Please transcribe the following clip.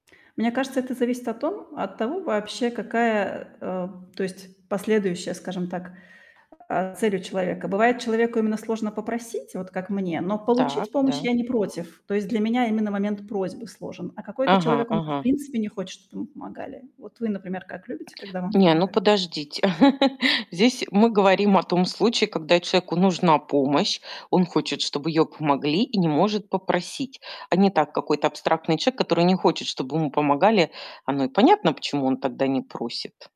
Мне кажется, это зависит от том от того вообще, какая, а, то есть, последующая, скажем так, а, цель у человека. Бывает, человеку именно сложно попросить, вот как мне, но получить Так, помощь да. я не против. То есть для меня именно момент просьбы сложен, а какой-то Ага, человек, он же, в ага. принципе, не хочет, чтоб ему помогали. Вот вы, например, как любите, когда вам Не, ну помогают? подождите. Здесь мы говорим о том случае, когда человеку нужна помощь, он хочет, чтобы её помогли, и не может попросить. А не так: какой-то абстрактный человек, который не хочет, чтоб ему помогали- оно и понятно, почему он тогда не просит.